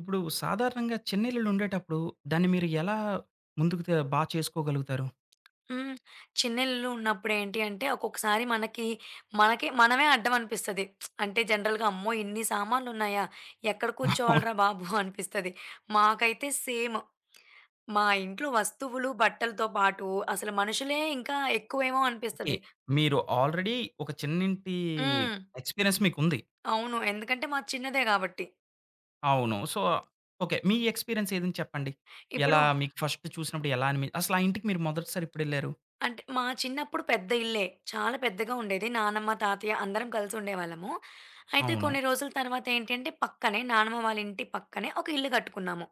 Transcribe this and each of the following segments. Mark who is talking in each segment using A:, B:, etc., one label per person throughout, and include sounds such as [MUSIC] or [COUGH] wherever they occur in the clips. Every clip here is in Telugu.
A: ఇప్పుడు సాధారణంగా చిన్న ఇల్లులుండేటప్పుడు దాన్ని మీరు ఎలా ముందుకు తే బాగా చేసుకోగలుగుతారు.
B: హ్మ్. చిన్న ఇల్లు ఉన్నప్పుడు ఏంటి అంటే, ఒక్కొక్కసారి మనకి, మనకి మనమే అడ్డం అనిపిస్తది. [SMACKS LIPS] అంటే, జనరల్‌గా అమ్మో! ఇన్ని సామాన్లున్నాయా, ఎక్కడ
A: [CHUCKLES]
B: కూర్చోవాలిరా బాబు అనిపిస్తది. మాకైతే సేము. మా ఇంట్లో వస్తువులు, బట్టలతో పాటు అసలు మనుషులే ఇంకా ఎక్కువేమో
A: ఓకే.
B: అనిపిస్తది.
A: మీరు ఆల్రెడీ ఒక చిన్నింటి
B: హ్మ్.
A: ఎక్స్‌పీరియన్స్ మీకు ఉంది.
B: హ్మ్. అవును ఎందుకంటే మాది చిన్నదే గాబట్టి.
A: అవును. So, okay. మీ ఎక్స్‌పీరియన్సేదైన చెప్పండి.
B: ఇప్పుడు
A: ఎలా మీకు ఫస్ట్ చూసినప్పుడు ఎలా అనిమి అసల ఆ ఇంటికి మీరు మొదటిసారెప్పుడెళ్లారు?
B: అంటే మా చిన్నప్పుడు పెద్ద ఇల్లే, చాలా పెద్దగా ఉండేది. నానమ్మ, తాతయ్య అందరం కలిసి ఉండేవాళ్ళము. అయితే
A: అవును.
B: కొన్ని రోజుల తర్వాత ఏంటంటే, పక్కనే నానమ్మ వాళ్ళ ఇంటి పక్కనే ఒక ఇల్లు కట్టుకున్నాము.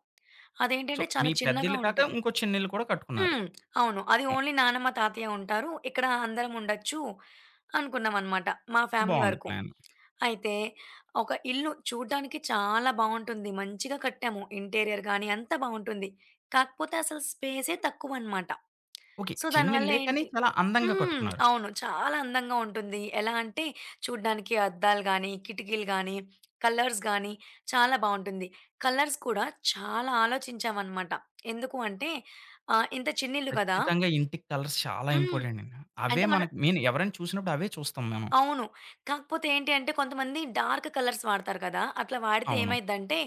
A: సో,
B: అదేంటంటే చాలా
A: మీ పెద్ద
B: చిన్నగా
A: ఇల్లు కాక,
B: ఉంటది.
A: ఇంకో చిన్న ఇల్లు కూడా కట్టుకున్నారు.
B: హ్మ్. అవును. అది
A: హ్మ్.
B: ఓన్లీ నానమ్మ, తాతయ్య ఉంటారు. ఇక్కడ అందరముండొచ్చు అనుకున్నామన్నమాట. మా ఫ్యామిలీ
A: బాగుంది
B: వరకు.
A: ప్లాను.
B: అయితే ఒక ఇల్లు చూడడానికి చాలా బాగుంటుంది. మంచిగా కట్టాము. ఇంటీరియర్ గానీ అంత బావుంటుంది. కాకపోతే అసలు స్పేసే తక్కువన్నమాట.
A: ఓకే.
B: సో, దాని
A: చిన్న
B: వల్ల
A: ఇల్లే కానీ,
B: ఏంటి
A: చాలా అందంగా
B: హ్మ్.
A: కట్టుకున్నారు.
B: అవును. చాలా అందంగా ఉంటుంది. ఎలా అంటే, చూడడానికి అద్దాలు గానీ, కిటికీలు గానీ, కలర్స్ గానీ చాలా బావుంటుంది. కలర్స్ కూడా చాలా ఆలోచించామన్నమాట. ఎందుకు అంటే ఆహ్, ఇంత చిన్న ఇల్లు కదా
A: ఖచ్చితంగా ఇంటికి కలర్స్ చాలా
B: హ్మ్,
A: ఇంపార్టెంటండి. అవే
B: అంటే మన
A: మనకి మీన్ ఎవరైనా చూసినప్పుడవే చూస్తాం మేము.
B: అవును. కాకపోతే ఏంటి అంటే, కొంతమంది డార్క్ కలర్స్ వాడతారు కదా. అట్లా వాడితే
A: అవును.
B: ఏమైందంటే,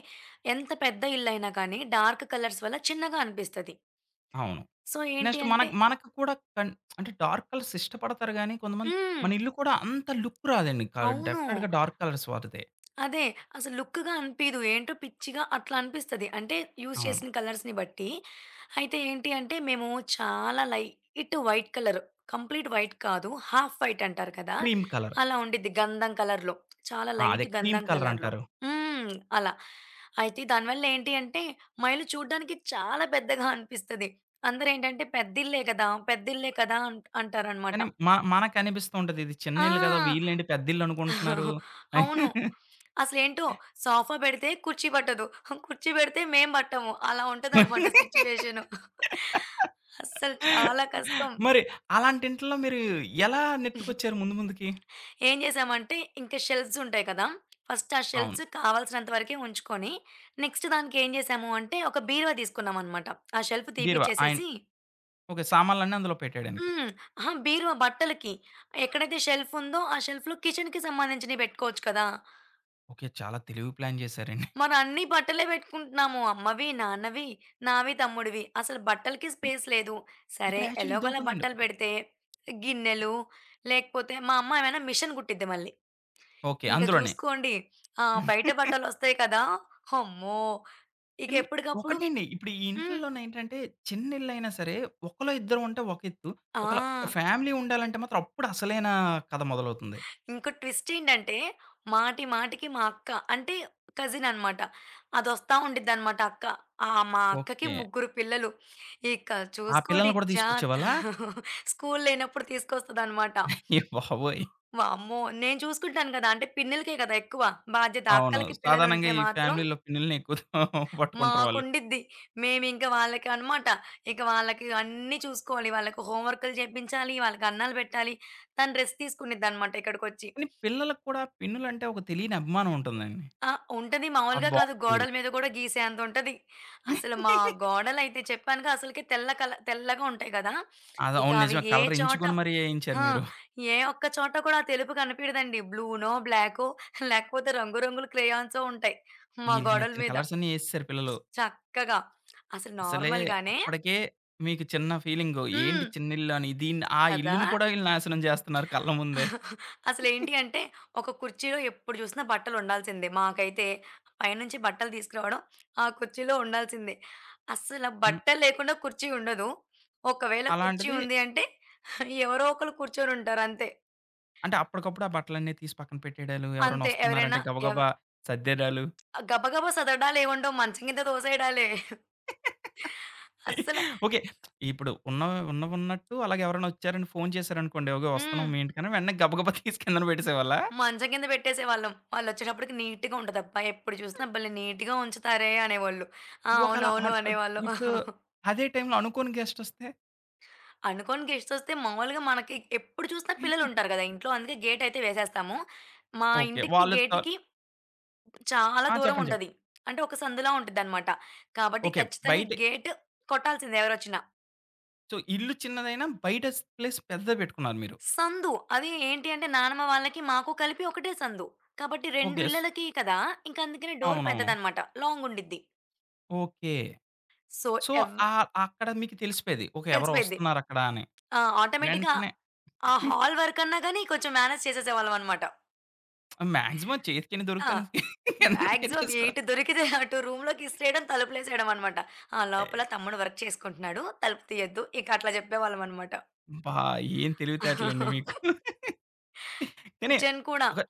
B: ఎంత పెద్ద ఇల్లు అయినా కానీ డార్క్ కలర్స్ వల్ల చిన్నగా అనిపిస్తది.
A: అవును.
B: సో, ఏంటి
A: నెక్స్టు
B: అంటే
A: మనకి, మనకి కూడా కన్ అంటే, డార్క్ కలర్సిష్టపడతారు గానీ కొంతమంది,
B: హ్మ్.
A: మన ఇల్లు కూడా అంత లుక్ రాదండి. కా
B: అవును.
A: డెఫినిట్‌గా డార్క్ కలర్స్ వాడితే.
B: అదే అసల లుక్‌గా అనిపియదు. ఏంటో పిచ్చిగా అట్లా అనిపిస్తది. అంటే యూజ్
A: అవును.
B: చేసిన కలర్స్‌ని బట్టి అయితే ఏంటి అంటే, మేము చాలా light white colour, complete white కాదు, హాఫ్ వైటంటారు కదా,
A: క్రీమ్ కలర్.
B: అలా ఉండిద్ది. గంధం కలర్‌లో. చాలా
A: ఆ! అదే
B: లైట్
A: క్రీమ్
B: గంధం కలర్‌లో.
A: కలరంటారు.
B: హ్మ్. అలా. అయితే దాని వల్ల ఏంటి అంటే, మా ఇల్లు చూడడానికి చాలా పెద్దగా అనిపిస్తది. అందరూ ఏంటంటే "పెద్ద ఇల్లే కదా, పెద్ద ఇల్లే కదా" అంట్ అంటారన్నమాట.
A: కానీ మ మనకనిపిస్తూంటది ఇది చిన్న
B: ఆ!
A: ఇల్లు కదా, వీళ్ళేంటి పెద్ద ఇల్లనుకుంటున్నారు?
B: [CHUCKLES] అవును. అసలు ఏంటో
A: [CHUCKLES]
B: సోఫా పెడితే కుర్చీ పట్టదు. కుర్చీ పెడితే మేము పట్టము. అలా ఉంటదన్నమాట సిట్యుయేషను.
A: [LAUGHS]
B: [CHUCKLES] అసలు చాలా కష్టం.
A: మరి అలాంటి ఇంటిలో మీరు ఎలా
B: [GIGGLES]
A: నెట్టుకొచ్చారు, ముందు ముందుకి?
B: ఏం చేసామంటే, ఇంకా షెల్ఫ్సుంటాయి కదా. ఫస్ట్ ఆ
A: అవును.
B: షెల్ఫ్స్ కావాల్సినంత వరకే ఉంచుకొని, నెక్స్ట్ దానికేం చేసాము అంటే, ఒక బీరువా తీసుకున్నామన్నమాట. ఆ షెల్ఫ్
A: బీరువా. ఆయిన్
B: తీసిపిచ్చేసేసి
A: ఓకే. సామాన్లన్నీ అందులో పెట్టేయడానికి.
B: హ్మ్. అహా! బీరువా బట్టలకి. ఎక్కడైతే షెల్ఫుందో, ఆ షెల్ఫ్‌లో కిచెన్‌కి సంబంధించినవి పెట్టుకోవచ్చు కదా.
A: ఓకె, చాలా తెలివి ప్లాన్ చేసారండి.
B: మరన్ని బట్టలే పెట్టుకుంటున్నాము. అమ్మవి, నాన్నవి, నావి, తమ్ముడివి అసలు బట్టలకి
A: ఇ
B: స్పేస్ లేదు. సరే
A: ఇక్కడ యాక్చువల్లి
B: ఎలాగోలా
A: ఇదొకటి ఉందండి.
B: బట్టలు
A: ఒక
B: పెడితే, గిన్నెలు లేకపోతే మా అమ్మ ఏమైనా మిషిన్ కుట్టిద్ది మళ్ళీ.
A: ఓకె,
B: ఇంక
A: అందులోనే.
B: చూసుకోండి, ఆ బయట
A: [CHUCKLES]
B: బట్టలొస్తయి కదా, అమ్మో! ఇక
A: కానీ
B: ఎప్పటికప్పుడు
A: ఒకటండి ఇప్పుడు ఈ
B: హ్మ్.
A: ఇంటిల్లోనేంటంటే చిన్న ఇల్లైన సరే ఒకలో ఇద్దరు ఉంటే ఒక ఎత్తు, ఒక
B: ఆ!
A: ఫ్యామిలీ ఉండాలంటే మాత్రం అప్పుడు అసలైన కథ మొదలవుతుంది.
B: ఇంకో ట్విస్ట్ ఏంటంటే మాటి మాటికి మా అక్క అంటే, కజిన్ అనమాట, అదోస్తా ఉండిద్దన్నమాట అక్క ఆహ్, మా అక్కకి
A: ఓకె.
B: ముగ్గురు పిల్లలు. ఇక
A: ఆ
B: చూసుకోండి
A: పిల్లల్ని కూడా
B: జా
A: తీసుకొచ్చేవాళ్ళా?
B: [LAUGHS] స్కూల్ లేనప్పుడు తీసుకొస్తది అనమాట.
A: అయ్య బాబోయ్!
B: వామ్మో! నేను చూసుకుంటాను కదా, అంటే పిన్నిలకే కదా! ఎక్కువ, బాధ్యత
A: అవును
B: అక్కలకి పిల్లలు
A: సాధారణంగా
B: ఉంటే
A: ఈ
B: మాత్రం
A: ఫ్యామిలీలో పిన్నుల్ని ఎక్కువగా పట్టుకుంటారు వాళ్ళు.
B: మాకుండిద్ది మేమింక వాళ్ళకి అనమాట ఇక వాళ్ళకి అన్ని చూసుకోవాలి వాళ్ళకి హోంవర్కులు చేపించాలి, వాళ్ళకి అన్నలు పెట్టాలి తను రెస్ట్ తీసుకోనిది అన్నమాట ఇక్కడికొచ్చి.
A: కని పిల్లలకి కూడా పిన్నులంటే ఒక తెలియని అభిమానం ఉంటుందండి.
B: ఆ! ఉంటది
A: ఆ
B: మాములుగా కాదు
A: బాక్సు వేరు.
B: గోడల మీద కూడా గీసేంత ఉంటది. అసలు మా
A: [LAUGHS]
B: గోడలైతే చెప్పానుగా అసలకే తెల్ల కల తెల్లగా ఉంటాయి కదా. [SNIFFS] ఇక
A: అదవును
B: అవి
A: నిజమే
B: ఏ
A: కలర్
B: చోట
A: ఎంచుకొని మరి వేయించారు
B: ఆ!
A: మీరు.
B: ఏ ఒక్క చోట కూడా ఆ తెలుపు కనపడదు అండి బ్లూనో, బ్లాకో [GIGGLES] లేకపోతే రంగు రంగుల క్రయాన్సొ ఉంటాయి. మా
A: ఈళ్ళకి
B: గోడల
A: నచ్చిన
B: మీద.
A: కలర్స్ అన్ని ఏసరు పిల్లలు.
B: చక్కగా. అసలు
A: అసలే
B: నార్మల్‌ గానే
A: అప్పటికే, మీకు చిన్న ఫీలింగు
B: హ్మ్.
A: ఏంటి చిన్న ఇల్లు అని. దీన్ని ఆ
B: కదా!
A: ఇల్లుని కూడా వీళ్ళు నాశనం చేస్తున్నారు కళ్ళ ముందే.
B: [CHUCKLES]
A: [GIGGLES]
B: అసలేంటి అంటే ఒక కుర్చీలో ఎప్పుడు చూసినా బట్టలు ఉండాల్సిందే మాకైతే, పైనుంచి బట్టలు తీసుకురావడం, ఆ కుర్చీలో ఉండాల్సిందే అసల
A: హ్మ్.
B: బట్టలు లేకుండా కుర్చీ ఉండదు. ఒకవేళ కుర్చీ
A: అలాంటిది
B: ఉంది అంటే, ఎవరో ఒకలు కూర్చొని ఉంటారు అంతే.
A: అంటే అప్పటికప్పుడు ఆ బట్టలన్నీ తీసి పక్కన పెట్టేయడాలు, ఎవరైనా
B: అంతే ఎవరైనా,
A: వస్తున్నారంటే
B: ఎవ్
A: గబగబా సర్దేయడాలు.
B: అ! గబగబా సదరడాలు ఏం ఉండవు మంచం కింద తోసేయడాలే. [GIGGLES]
A: [LAUGHS]
B: అసల
A: ఓకె. [SMACKS LIPS] ఇప్పుడు ఉన్న ఉన్నవున్నట్టు అలాగే ఎవరైనా వచ్చారని ఫోన్ చేసారనుకోండి అగో వస్తున్నాం
B: హ్మ్.
A: మీ ఇంటికని వెంటనే గబగబా తీసి కిందన పెట్టేసేవాళ్ళ.
B: మంచం కింద పెట్టేసేవాళ్ళం. వాళ్ళు వచ్చేటప్పటికి నీట్‌గా ఉంటది. అబ్బా! ఎప్పుడు చుసిన భలే నీట్‌గా ఉంచుతారే అనేవాళ్ళు. ఆ!
A: ఒకళ.
B: అవునవును,
A: ఆన్ ఇప్
B: అనేవాళ్ళం.
A: ఇప్పుడు
B: [CHUCKLES]
A: అదే టైం‌లో అనుకోని గెస్టొస్తే?
B: అనుకోని గెస్ట్సొస్తే మాములుగా మనకి ఎప్పుడు చూసిన
A: [CHUCKLES]
B: పిల్లలుంటారు గదా ఇంట్లో. అందుకే గేటయితే వేసేస్తాము. మా
A: ఓకే.
B: ఇంటికి
A: వాళ్ళ త
B: గేటికి చాలా
A: ఆ!
B: దూరం
A: చెప్పండి చెప్ప
B: ఉంటది. అంటే, ఒక సందులా ఉంటదన్నమాట. కాబట్టి
A: ఓకే.
B: ఖచ్చితంగా
A: బయటే
B: గేటు కొట్టాల్సిందే ఎవరొచ్చిన.
A: సో, ఇల్లు చిన్నదైనా, బయట స్పె ప్లేస్ పెద్దదే బెట్టుకున్నారు మీరు.
B: సందు. అది ఏంటి అంటే, నానమ్మ వాళ్ళకి మాకు కలిపి ఒకటే సందు. కాబట్టి 2
A: ఓకే. స్
B: ఇళ్ళలకి కదా! ఇంక అందుకని డోర్
A: అవునవును.
B: పెద్దదన్నమాట. లాంగుండిద్ది.
A: ఓకే.
B: సో,
A: సో,
B: ఎవ్వ
A: ఆహ్, అక్కడ మీకు తెలిసిపోయేది. ఓకే. ఎవరో
B: తెలిసిపోయిద్ది.
A: ఒస్తున్నారక్కడ అని.
B: ఆ ఆటోమేటిక్‌గా,
A: ఎంటనే
B: ఆ
A: [GIGGLES]
B: హాల్ వరకన్నా గాని, కొంచెం మ్యానేజ్ చేసేసేవాళ్ళమన్నమాట.
A: [SMACKS LIPS] మాక్సిమం చేతి కెన్ని
B: ఆ!
A: దొరుకుతాను ఎనకమల
B: మాక్సిమం
A: ఎట్టేసుకో.
B: ఎటు దొరికితే, అటు రూ‌మ్‌‌లోకి
A: [CHUCKLES]
B: ఇసిరేయడం తలుపులేసేయడమనమాట. ఆ! లోపల తమ్ముడు వర్క్ చేసుకుంటున్నాడు. తలుపు తీయొద్దు. ఇక అట్లా జెప్పే వాళ్ళమన్నమాట.
A: బా! ఏం తెలివితేటలండి మీకు.
B: [CHUCKLES]
A: [CHUCKLES] కానీ,
B: కిచెన్ కూడా.
A: ఒక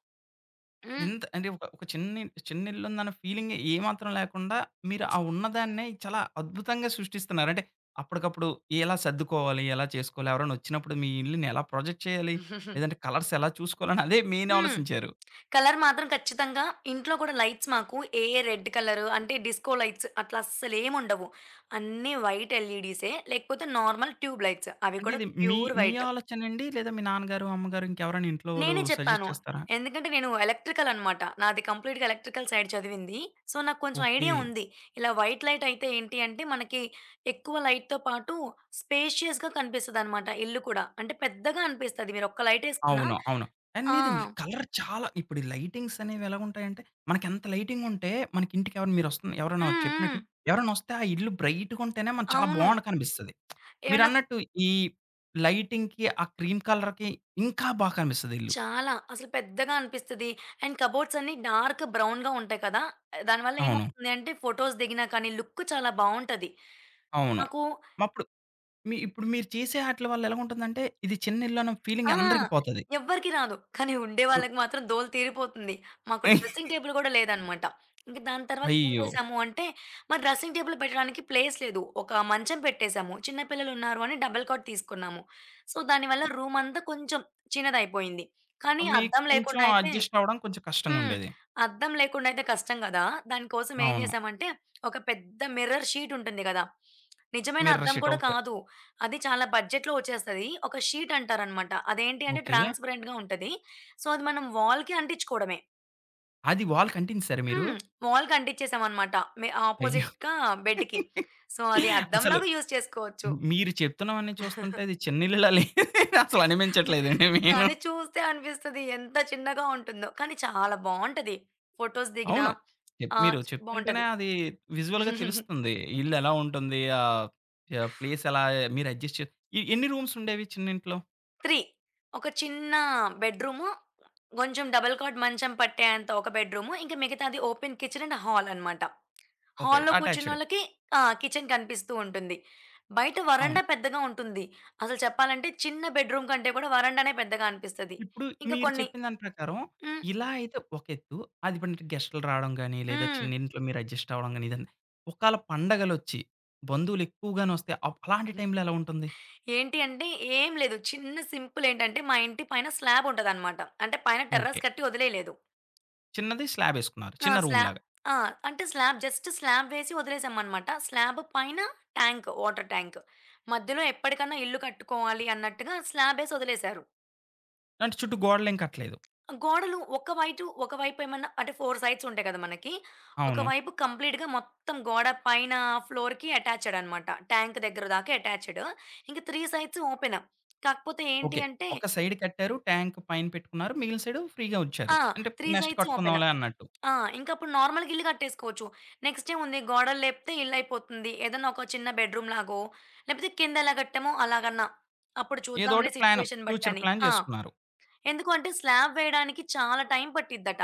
B: హ్మ్.
A: ఇంత అంటే, ఒక ఒక చిన్న ఇల్ చిన్న ఇల్లుందన్న ఫీలింగే ఏమాత్రం లేకుండా, మీరు
B: [SMACKS LIPS]
A: ఆ ఉన్నదాన్నే చాలా అద్భుతంగా సృష్టిస్తున్నారు. అంటే అప్పటికప్పుడు ఎలా సర్దుకోవాలి, ఎలా చేసుకోవాలి, ఎవరన్నొచ్చినప్పుడు మీ ఇల్లుని ఎలా ప్రొజెక్ట్ చేయాలి,
B: [CHUCKLES]
A: లేదంటే కలర్సెలా చూసుకోవాలని, అదే మెయిన్
B: హ్మ్.
A: ఆలోసించారు.
B: కలర్ మాత్రం ఖచ్చితంగా ఇంట్లో కూడా లైట్స్ మాకు ఏ, ఏ రెడ్ కలరు అంటే, డిస్కో లైట్స్ అట్లా అస్సలేముండవు. అన్ని వైట్ ఎల్‌ఈ‌డిసే. లేకపోతే నార్మల్ ట్యూబ్ లైట్స్. అవి
A: అంటే
B: కూడా
A: ఇది మీ
B: ప్యూర్
A: మీ
B: వైట్
A: ఆలోచనండి? లేదా మీ నాన్నగారు, అమ్మగారు ఇంకెవరైనా ఇంట్లో వోళ్ళు
B: నేనే చెప్పాను.
A: సజెస్ట్ చేస్తారా?
B: ఎందుకంటే నేను ఎలక్ట్రికలన్నమాట. నాది కంప్లీట్‌గా ఎలక్ట్రికల్ సైడ్ చదివింది. సో, నాక్కొంచెం
A: ఓకే.
B: ఐడియా ఉంది. ఇలా వైట్ లైటయితే ఏంటి అంటే, మనకి ఎక్కువ లైట్‌తో పాటు, స్పేషియస్‌గా కనిపిస్తదన్నమాట. ఇల్లు కూడా. అంటే పెద్దగా అనిపిస్తది. మీరు ఒక్క లైటేసుకున్న
A: అవును. అవును. ఆ!
B: ఆ!
A: లేదండి. కలర్ చాలా ఇప్పుడు ఈ లైటింగ్సనేవి ఎలా ఉంటాయంటే మనకి ఎంత లైటింగుంటే, మనకి ఇంటికెవరైనా మీరొస్తున్న ఎవరన్నా
B: హ్మ్,
A: చెప్పినట్టు
B: హ్మ్.
A: ఎవరన్నొస్తే ఆ ఇల్లు బ్రైట్‌గుంటేనే మనకు చాలా
B: అవును.
A: బావుండ కనిపిస్తది. [SMACKS LIPS]
B: ఏమన్నా ఫు
A: మీరన్నట్టు ఈ లైటింగ్‌కి, ఆ క్రీమ్ కలర్‌కి ఇంకా బాగా కనిపిస్తదిల్లు.
B: చాలా. అసలు పెద్దగా అనిపిస్తది. అండ్ కబోర్డ్సన్ని డార్కు బ్రౌన్‌గా ఉంటాయి కదా. దాని వల్ల
A: అవును.
B: ఏమవుతుంది అంటే, ఫోటోస్ దిగినా కానీ, లుక్ చాలా బావుంటది.
A: అవును.
B: నాకు
A: మప్పుడు మీ ఇప్పుడు మీరు చేసే ఆటిల వల్ల ఎలావుంటుందంటే, ఇది చిన్న ఇల్లున్న
B: ఆ!
A: ఫీలింగ్ అందరికి పోతది.
B: ఎవ్వరికీ రాదు. కానీ ఉండే
A: [UNINTELLIGIBLE]
B: వాళ్ళకి మాత్రం దూల తీరిపోతుంది. మాకు డ్రెస్సింగ్
A: [CHUCKLES]
B: టేబుల్ కూడా లేదన్నమాట. ఇంక దాని తర్వాత ఏం
A: అయ్యో!
B: చేసాము అంటే, మరి డ్రెస్సింగ్ టేబుల్ పెట్టడానికి ప్లేస్ లేదు. ఒక మంచం పెట్టేసాము. చిన్న పిల్లలున్నారు అని డబుల్ కాట్ తీసుకున్నాము. సో, దాని వల్ల
A: ఆ!
B: రూమంతా కొంచెం చిన్నదయిపోయింది.
A: ఆ!
B: కానీ
A: మీకు
B: అద్దం
A: కొంచెం
B: లేకుండైయితే
A: అడ్జస్టవ్వడం కొంచెం
B: హ్మ్.
A: కష్టంగుండేది.
B: అద్దం లేకుండైయితే కష్టం గదా! దాని కోసం ఏం
A: అవును.
B: జేసామంటే, ఒక పెద్ద మిర్రర్ షీటుంటుంది గదా. నిజమైన
A: మిర్రర్
B: అద్దం
A: షీట్.
B: కూడా
A: ఓకే.
B: కాదు. అది చాలా బడ్జెట్‌లో ఒచ్చేస్తది. ఒక షీటంటారన్నమాట. అదేంటి అంటే,
A: ఓకే.
B: ట్రాన్స్‌పరెంట్‌గా ఉంటది. సో, అది మనం వాల్‌కి అంటించుకోవడమే.
A: అది వాల్‌కి అంటించేశారా మీరు?
B: హ్మ్. వాల్‌కి అంటించేసాం అన్నమాట, మే
A: అయ్యో!
B: ఆపోజిట్‌గా బెడ్‌కి. సో, అది అద్దం
A: అసలు
B: లాగా యూజ్ చేసుకోవచ్చు.
A: మి మీరు చెప్తున్నవన్నీ చూస్తుంటే
B: [CHUCKLES]
A: అది చిన్నిల్లులాలే అసలు
B: [CHUCKLES]
A: అనిపించట్లేదండి మెయిను.
B: కానీ చూస్తే అనిపిస్తది ఎంత చిన్నగా ఉంటుందో. కానీ చాలా బాగుంటది. ఫోటోస్ దిగినా
A: అవును. చెప్
B: ఆహ్,
A: మీరు చెప్తుంటేనే
B: బావుంటది.
A: అది విజువల్‌గా
B: [CHUCKLES]
A: తెలుస్తుంది. ఇల్లు ఎలా ఉంటుంది, ఆ చే ప్లేసేలా, మీరు అడ్జస్ట్ చే ఏ ఎన్ని రూమ్స్ ఉండేవి చిన్నింట్లో?
B: 3 ఒక చిన్న బెడ్రూమ్, కొంచెం డబుల్ కాట్ మంచం పట్టేంత ఒక బెడ్రూమ్. ఇంకా మిగతాది ఓపెన్ కిచెన్ అండ్ హాల్ అన్నమాట.
A: ఓకే.
B: హాల్‌లో
A: అటాచ్డ్.
B: కూర్చున్నోళ్ళకి ఆ! కిచెన్ కనిపిస్తూ ఉంటుంది. బయట
A: అవును.
B: వరండా పెద్దగా ఉంటుంది. అసలు చెప్పాలంటే చిన్న బెడ్రూమ్ కంటే కూడా వరండానే పెద్దగా అనిపిస్తది.
A: ఇప్పుడు
B: ఇంకా
A: మీరు
B: కొన్ని
A: చెప్పిన దాని ప్రకారం
B: హ్మ్.
A: ఇలా అయితే ఒకేత్తు. అది మనకి గెస్ట్లు రావడం గానీ, లేదా
B: హ్మ్.
A: చిన్నింట్లో మీరు అడ్జస్ట్ అవ్వడం గానీ, ఒకళ పండగలొచ్చి బంధువులు ఎక్కువగానోస్తే ఆప్ అలాంటి
B: హ్మ్.
A: టైంలో ఎలా ఉంటుంది?
B: ఏంటి అంటే, ఏం లేదు. చిన్న సింపుల్. ఏంటంటే మా ఇంటి పైన స్లాబ్ ఉంటదన్నమాట. అంటే పైన
A: ఓకే.
B: టెర్రస్ కట్టి వదిలేయలేదు.
A: చిన్నది స్లాబేసుకున్నారు,
B: ఆ!
A: చిన్న
B: స్లాబ్
A: రూమ్‌లాగా.
B: ఆ! అంటే స్లాబ్. జస్ట్ స్లాబ్ వేసి వదిలేసామన్నమాట. స్లాబ్ పైన ట్యాంక్, వాటర్ ట్యాంక్. మధ్యలో ఎప్పటికైనా ఇల్లు కట్టుకోవాలి అన్నట్టుగా స్లాబేసి వదిలేసారు.
A: అంటే చుట్టూ గోడలేం కట్టలేదు.
B: గోడలు ఒక వైటు ఒక వైపు ఏమైనా అంటే 4 సైడ్స్ ఉంటాయి కదా! మనకి. ఒక
A: అవును.
B: వైపు కంప్లీట్‌గా మొత్తం గోడ పైన ఫ్లోర్‌కి అటాచ్డ్ అన్నమాట. ట్యాంక్ దగ్గర దాకా అటాచ్డ్. ఇంకా 3 సైడ్స్ ఓపెన్. కాకపోతే ఏంటి
A: ఓకే.
B: అంటే
A: ఒక సైడ్ కట్టారు. ట్యాంక్ పైన పెట్టుకున్నారు. మిగిలిన సైడు ఫ్రీగా వచ్చారు.
B: ఆ!
A: అంటే
B: 3
A: నెక్స్ట్
B: సైడ్స్ ఓపెన్. [SMACKS LIPS]
A: కట్టుకుందాంలే అన్నట్టు.
B: ఆ! ఇంకా అప్పుడు నార్మల్‌గా ఇల్లు కట్టేసుకోవచ్చు. నెక్స్ట్ ఏముంది? గోడలు లేపితే ఇల్లు అయిపోతుంది. ఏదైనా ఒక చిన్న బెడ్‌రూం లాగో, లేకపోతే కింద ఎలా కట్టామో అలాగన్నా అప్పుడు
A: ఏదో
B: చూద్దాంలే!
A: ఒకటి ప్లాన్,
B: సిట్యుయేషన్ బట్టి
A: ఫ్యూచర్
B: అని.
A: ప్లాన్
B: ఆ!
A: చేసుకున్నారు.
B: ఎందుకు అంటే స్లాబ్ వేయడానికి చాలా టైం పట్టిద్దట.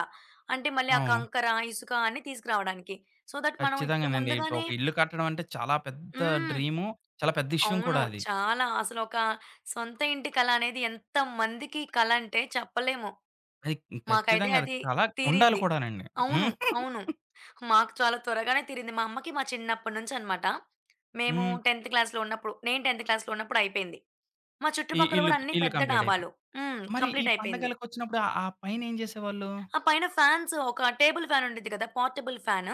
B: అంటే, మళ్ళీ ఆ
A: అవును.
B: కంకర, ఇసుక అన్నీ తీసుకురావడానికి. సో, థట్ మనం ఇప్పుడు
A: కచ్చితంగానండి. ఇప్పుడు
B: ముందుగానే
A: ఒక ఇల్లు కట్టడం అంటే, చాలా పెద్ద
B: హ్మ్.
A: డ్రీమ్, చాలా పెద్ద విషయం
B: అవును.
A: కూడా అది.
B: చాలా. అసలొక సొంత ఇంటి కల అనేది ఎంతమందికి కల అంటే చెప్పలేము.
A: అది
B: మాకైతే
A: ఖచ్చితంగా అది
B: అది
A: కల ఉండాలి
B: తీరింది.
A: కూడానండి.
B: అవును, అవును.
A: [CHUCKLES]
B: మాకు చాలా త్వరగానే తీరింది. మా అమ్మకి మా చిన్నప్పటి నుంచి అన్నమాట. మేము
A: హ్మ్.
B: టెన్త్ క్లాస్‌లో ఉన్నప్పుడు, నేను టెన్త్ క్లాస్‌లో ఉన్నప్పుడు అయిపోయింది. మా
A: ఈ
B: చుట్టుపక్కల కూడా
A: ఇల్లుక్
B: అన్నీ
A: ఇల్లు
B: పెద్ద
A: కంప్లీట్
B: డాబాలు.
A: అయిపోయింది.
B: హ్మ్,
A: మరి ఈ
B: కంప్లీట్ అయిపోయింది.
A: పండగలకొచ్చినప్పుడు ఆ పైన ఏం చేసేవాళ్ళు?
B: ఆ పైన ఫ్యాన్స్. ఒక టేబుల్ ఫ్యాన్ ఉంటుంది కదా! Portable fan.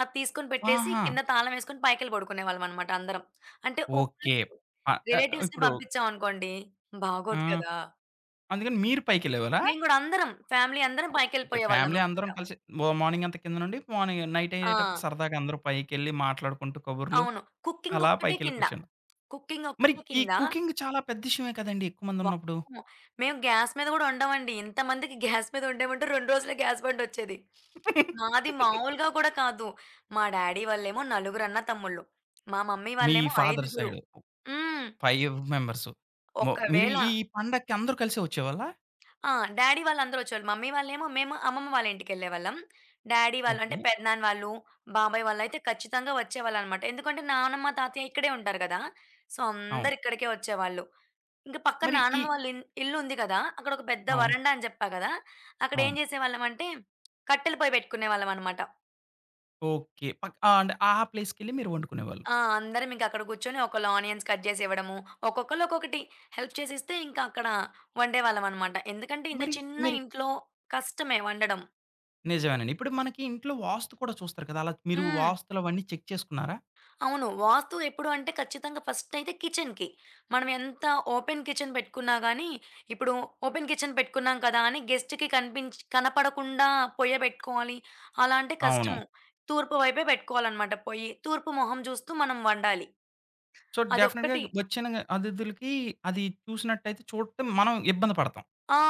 B: అది తీసుకొని పెట్టేసి,
A: ఆహా!
B: కింద తాళం వేసుకొని పైకెళ్లి పడుకునే వాళ్ళం అన్నమాట అందరం. అంటే వు
A: ఓకే.
B: మాకు
A: ఆహ్ ఆహ్,
B: రిలేటివ్స్‌ని
A: ఇప్పుడు
B: పంపించాం అనుకోండి,
A: ఆ!
B: బాగోదు కదా!
A: అందుకని మీరు పైకెళ్ళేవారా?
B: మేము కూడా అందరం ఫ్యామిలీ అందరం
A: ఓకే.
B: పైకెళ్ళిపోయేవాళ్ళం
A: ఫ్యామిలీ
B: అన్నమాట.
A: అందరం కలిసి మ మార్నింగ్ అంతా కిందన ఉండి మార్నింగ్ నైట్ అయ్యేటప్పుడు
B: ఆ!
A: సరదాగా అందరూ పైకెళ్ళి మాట్లాడుకుంటూ, కబుర్లు
B: అవును. కుకింగ్
A: అలా
B: ఒక్కటే
A: పైకెళ్లి
B: కింద.
A: కూర్చున్నా
B: కుకింగ్
A: మరి
B: ఒక్కటే
A: ఈ
B: కింద.
A: కుకింగ్ చాలా పెద్ద విషయమే కదండీ! ఎక్కువ మంది ఉన్నప్పుడు.
B: వామ్మో! మేము గ్యాస్ మీద కూడా వండం అండి. ఇంతమందికి గ్యాస్ మీద వండమంటే 2 రోజులే గ్యాస్ బండొచ్చేది. [SNIFFS] మాది
A: [LAUGHS]
B: మామూలుగా కూడా కాదు. మా డ్యాడీ వాళ్ళేమో నలుగురు అన్నదమ్ములు. [SMACKS LIPS] మా మమ్మీ
A: మీ
B: వాళ్ళేమో
A: ఫాదర్
B: ఐదుగురు.
A: సైడ్
B: హ్మ్
A: ఫైవ్ మెంబర్స్. మో మీరు
B: ఒకవేళ
A: ఈ పండక్కి అందరూ కలిసి వచ్చేవాళ్ళా?
B: ఆ! డ్యాడీ వాళ్ళు అందరూ వచ్చేవాళ్ళు. మమ్మీ వాళ్ళు ఏమో మేము అమ్మమ్మ వాళ్ళ ఇంటికి వెళ్ళేవాళ్ళం. [SMACKS LIPS] డ్యాడీ వాళ్ళు అంటే
A: ఓకే.
B: పెదనాన్న వాళ్ళు, బాబాయ్ వాళ్ళయితే ఖచ్చితంగా వచ్చేవాళ్ళు అన్నమాట. ఎందుకంటే నాన్నమ్మ, తాతయ్య ఇక్కడే ఉంటారు గదా! సో,
A: అవును.
B: అందరూ ఇక్కడికే వచ్చేవాళ్ళు. ఇంకా పక్కన
A: మరి ఈ
B: నానమ్మ వాళ్ళ ఇ ఇల్లుంది గదా! అక్కడొక పెద్ద
A: అవును.
B: వరండా అని చెప్పా గదా! అక్కడ ఏం
A: అవును.
B: చేసేవాళ్ళం అంటే కట్టెల పొయ్యి పెట్టుకునేవాళ్ళం అన్నమాట.
A: ఓకే. పక్ అంటే ఆ ప్లేస్‌కేళ్లి మీరు వండుకునేవాళ్ళు.
B: ఆ! అందరం ఇంక అక్కడ కూర్చొని ఒకళ్ళు ఆనియన్స్ కట్ చేసి ఇవ్వడము, ఒక్కొక్కళ్ళు ఒక్కొకటి హెల్ప్ చేసిస్తే ఇంకా అక్కడ వండేవాళ్ళం అన్నమాట. ఎందుకంటే ఇంత
A: మరి
B: చిన్న
A: మరి
B: ఇంట్లో కష్టమే వండడం.
A: నిజమేనండి. ఇప్పుడుకి మనకి ఇంట్లో వాస్తు కూడా చూస్తారు కదా! అలా మీరు
B: హ్మ్.
A: వాస్తులవన్నీ చెక్ చేసుకున్నారా?
B: అవును. వాస్తు ఎప్పుడు అంటే ఖచ్చితంగా ఫస్టయితే కిచెన్‌కి. మనం ఎంత ఓపెన్ కిచెన్ పెట్టుకున్నా గానీ ఇప్పుడు ఓపెన్ కిచెన్ పెట్టుకున్నాం కదా అని గెస్ట్‌కి కనిపించి కనపడకుండా పొయ్య పెట్టుకోవాలి అలా అంటే
A: అవును.
B: కష్టము. తూర్పు వైపే పెట్టుకోవాలనమాట పొయ్యి. తూర్పు మొహం చూస్తూ మనం వండాలి.
A: సో, డెఫినిట్‌గా
B: అదొక్కటి
A: వచ్చిన అతిథులకి అది చూసినట్టయితే, చూడటం మనం ఇబ్బంది పడతాం.
B: ఆ!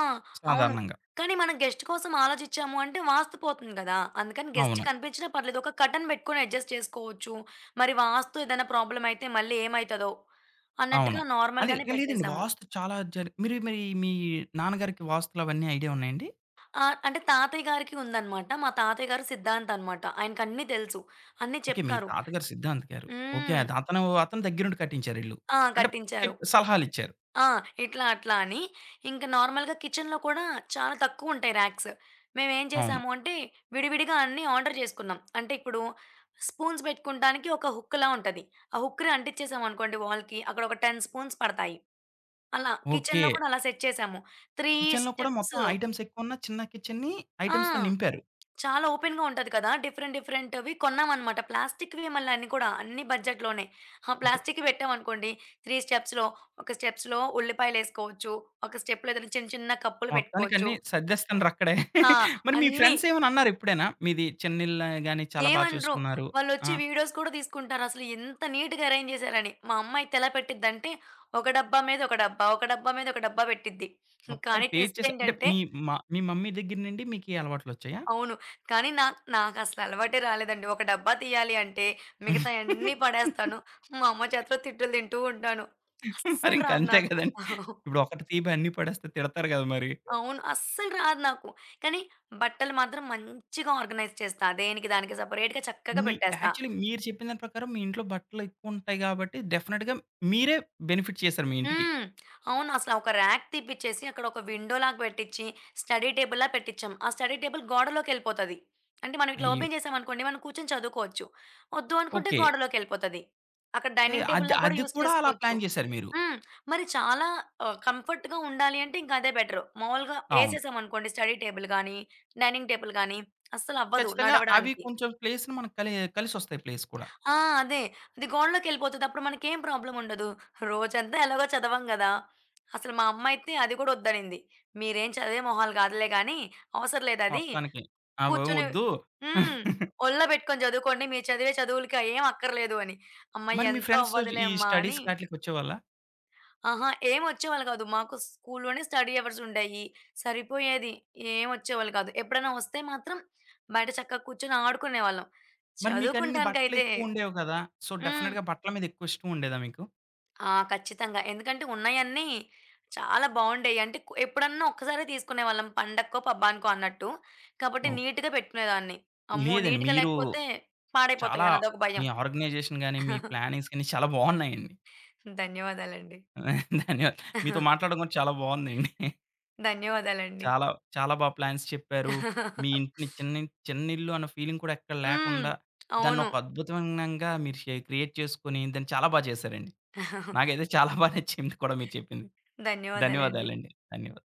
B: అవును.
A: సాధారణంగా.
B: కాని మనం గెస్ట్ కోసం ఆలోచిచ్చాము అంటే వాస్తు పోతుంది గదా. అందుకని గెస్ట్
A: అవును.
B: కనిపించినా పర్లేదు. ఒక కర్టెన్ పెట్టుకొని అడ్జస్ట్ చేసుకోవచ్చు. మరి వాస్తు ఏదైనా ప్రాబ్లమయితే మళ్ళీ ఏమైతదో,
A: అవును.
B: అన్నట్టుగా నార్మల్
A: అదే.
B: గానే
A: లేదండి.
B: పెట్టేసాము.
A: వాస్తు చాలా జర్ మీరు మరి మీ నాన్నగారికి వాస్తులవన్నీ ఐడియా ఉన్నాయండి?
B: ఆ! అంటే తాతయ్య గారికి ఉందన్నమాట. మా తాతయ్య గారు సిద్ధాంతన్నమాట. ఆయనకన్ని తెలుసు. అన్ని
A: ఓకె. మీ
B: చెప్తారు.
A: తాతగారు సిద్ధాంతి గారు. ఓకె.
B: హ్మ్.
A: అది అతను, అతను దగ్గరుండి కట్టించారు ఇల్లు.
B: ఆ!
A: అంటే
B: కట్టించారు.
A: చెప్ సలహాలిచ్చారు.
B: ఆ! ఇట్లా, అట్లా అని. ఇంక నార్మల్‌గా కిచెన్‌లో కూడా, చాలా తక్కువుంటాయి ర్యాక్స్. మేమేం
A: అవును.
B: చేశాము అంటే, విడివిడిగా అన్నీ ఆర్డర్ జేసుకున్నాం. అంటే ఇప్పుడు స్పూన్స్ పెట్టుకుంటానికి, ఒక హుక్‌లా ఉంటది. ఆ హుక్‌ని అంటించేసాం అనుకోండి వాల్‌కి, అక్కడొక 10 స్పూన్స్ పడతాయి. అలా కిచెన్‌లో
A: ఓకె.
B: కూడా అలా సెట్ చేసాము. 3
A: కిచెన్‌లో కూడా
B: స్టెప్స్.
A: మొత్తం ఐటెమ్సెక్కువ ఉన్న, చిన్న కిచెన్‌ని
B: ఆ!
A: ఐటెమ్స్‌తో నింపారు.
B: చాలా ఓపెన్‌గా ఉంటది కదా, డిఫరెంట్, డిఫరెంట్‌వి కొన్నామన్నమాట. ప్లాస్టిక్‌వే మళ్లన్ని కూడా, అన్ని బడ్జెట్ లోనే. ఆ
A: ఓకె.
B: ప్లాస్టిక్‌వి పెట్టాం అనుకోండి, 3 స్టెప్స్‌లో ఒక స్టెప్స్‌లో ఉల్లిపాయలేసుకోవచ్చు, ఒక స్టెప్‌లో ఏదైనా చిన్న, చిన్న కప్పులు
A: మొత్తానికి
B: పెట్టుకోవచ్చు.
A: అన్ని సద్దెస్తున్నారక్కడే.
B: ఆ!
A: [CHUCKLES] మరి మీ
B: అన్ని.
A: ఫ్రెండ్సేమన్న అన్నారా ఎప్పుడైనా? మీది చిన్న ఇల్లే గాని చాలా బా
B: ఏమనరు.
A: చూసుకున్నారు.
B: వాళ్లొచ్చి
A: ఆ!
B: వీడియోస్ కూడా తీసుకుంటారసలు. ఇంత నీట్‌గా అరేంజ్ జేసారని. మా అమ్మయితే ఎలా పెట్టిదంటే, ఒక డబ్బా మీద ఒక డబ్బా, ఒక డబ్బా మీద ఒక డబ్బా పెట్టిద్ది. కానీ,
A: మొత్తానికి
B: ట్విస్ట్
A: పేర్చేశా అంటే
B: ఏంటంటే
A: మీ మ మీ మమ్మీ దగ్గర నుండి మికీ అలవాట్లొచ్చాయా?
B: అవును, కానీ నాక్ నాకసల అలవాటే రాలేదండి ఒక డబ్బా తీయాలి అంటే, మిగతాయన్ని పడేస్తాను.
A: [GIGGLES] ఓకే.
B: మా అమ్మ చేతిలో తిట్టులు తింటూ ఉంటాను.
A: మరి
B: అస్సలు రాదు
A: ఇంకంతే
B: నాకు.
A: కదండి.
B: [CHUCKLES]
A: ఇప్పుడొకటి తీయ్యబోయి అన్ని పడేస్తే తిడతారు కదా! మరి.
B: అవును. అస్సలు రాదు నాకు. కానీ బట్టలు మాత్రం మంచిగా ఆర్గనైజ్ చేస్తా, దేనికి దానికి సెపరేట్‌గా, చక్కగ
A: మీ
B: పెట్టేస్తా.
A: యాక్చువల్లి మీరు చెప్పిన దాని ప్రకారం, మీ ఇంట్లో బట్టలెక్కువుంటాయి గాబట్టి, డెఫినిట్‌గా మీరే బెనిఫిట్ చేసారు మీ ఇంటికి.
B: హ్మ్. [SMACKS LIPS] అవునసల ఒక ర్యాక్ తీపిచ్చేసి, అక్కడొక విండో లాగా పెట్టిచ్చి, స్టడీ టేబుల్‌లా పెట్టించాం. ఆ స్టడీ టేబుల్ గోడలోకెళ్ళిపోతాది. అంటే, మనం ఇట్లా
A: అయ్యో!
B: ఓపెన్ జేసామనుకోండి మనం కూర్చొని చదువుకోవచ్చు. ఒద్దు అనుకుంటే
A: ఓకె.
B: గోడలోకెళ్ళిపోతది. అక్కడ
A: ఏహ్,
B: డైనింగ్ టేబుల్
A: అద్
B: లా గూడా
A: అది
B: యూస్
A: కూడా అలా
B: చేసుకోవచ్చు.
A: ప్లాన్ జేసారు మీరు.
B: హ్మ్. మరి చాలా ఆహ్, కంఫర్ట్‌గా ఉండాలి అంటే, ఇంకా అదే బెటరు. మామూలుగా
A: అవును.
B: ఏసేసాం అనుకోండి, స్టడీ టేబుల్ గానీ, డైనింగ్ టేబుల్ గానీ అస్సలవ్వదు
A: ఖచ్చితంగా, అవి
B: నడవడానికి.
A: కొంచెం ప్లేస్‌ని మనకి కలి కలిసొస్తాయి ప్లేస్ కూడా.
B: ఆ! అదే అది గోడలోకెళ్ళిపోతది అప్పుడు మనకేం ప్రాబ్లముండదు. రోజంతా ఎలాగో చదవం గదా, అసల మా అమ్మైతే అది కూడా వద్దనింది. "మీరేం చదివే మొహాలు కాదులే గానీ, అవసరం లేదది.
A: మొత్తానికి. అవేం
B: కూర్చొని"
A: వద్దు.
B: హ్మ్.
A: [CHUCKLES]
B: "ఒల్లో పెట్టుకొని చదువుకోండి, మీరు చదివే చదువులకి అయ్యేం అక్కర్లేదు" అని. అమ్మ
A: మరి మీ
B: ఎంత
A: ఫ్రెండ్స్
B: అవ్వదులే
A: ఈ
B: అమ్మ! అని
A: స్టడీస్ ఆటిలకి వచ్చేవాళ్ళా?
B: అహా! ఏం వచ్చేవాళ్ళు గాదు. మాకు స్కూల్లోనే స్టడీ అవర్సుండేయి, సరిపోయేది ఏం వచ్చేవాళ్ళు కాదు. ఎప్పుడైనా వస్తే మాత్రం, బయట చక్కగా కూర్చొని ఆడుకునేవాళ్ళం.
A: మరి మీకన్ని
B: చదువుకుంటానికైతే
A: బట్టలెక్కువ ఉండేవి కదా! సో,
B: హ్మ్.
A: డెఫినిట్‌గా బట్టల మీదెక్కువ ఇష్టం ఉండేదా మీకు?
B: ఆ! ఖచ్చితంగా. ఎందుకంటే, ఉన్నయన్ని చాలా బావుండేయి. అంటే కు ఎప్పుడన్నా ఒక్కసారే తీసుకునేవాళ్ళం. పండక్కో, పబ్బానికో అన్నట్టు. కాబట్టి
A: ఓహ్!
B: నీట్‌గా పెట్టుకునేదాన్ని. అమ్మో!
A: లేదండి.
B: నీట్‌గా
A: మీరు
B: లేకపోతే
A: చాలా
B: పాడైపోతాయని అదొక
A: మీ
B: భయం.
A: ఆర్గనైజేషన్ గాని, మీ
B: [CHUCKLES]
A: ప్లానింగ్స్ గాని చాలా బావున్నాయండి.
B: ధన్యవాదాలండి.
A: ధన్యవాదాలు. మీతో
B: [CHUCKLES]
A: మాట్లాడడం కూడా చాలా [GIGGLES] బావుందండి.
B: ధన్యవాదాలండి.
A: చాలా, చాలా బాగా ప్లాన్స్ చెప్పారు. మీ
B: [CHUCKLES]
A: ఇంటిని చిన్న ఇం చిన్న ఇల్లు అన్న ఫీలింగ్ కూడా ఎక్కడ
B: హ్మ్.
A: లేకుండా, దాన్ని
B: అవును.
A: ఒక అద్భుతంగా మీరు శే క్రియేట్ చేసుకొని, దాన్ని చాలా బాగా చేసారండి.
B: [CHUCKLES]
A: నాకైతే చాలా బాగా నచ్చింది కూడా మీరు చెప్పింది.
B: ధన్యవాదాలండి.
A: ధన్యవాదాలు అండి. ధన్యవాదాలు.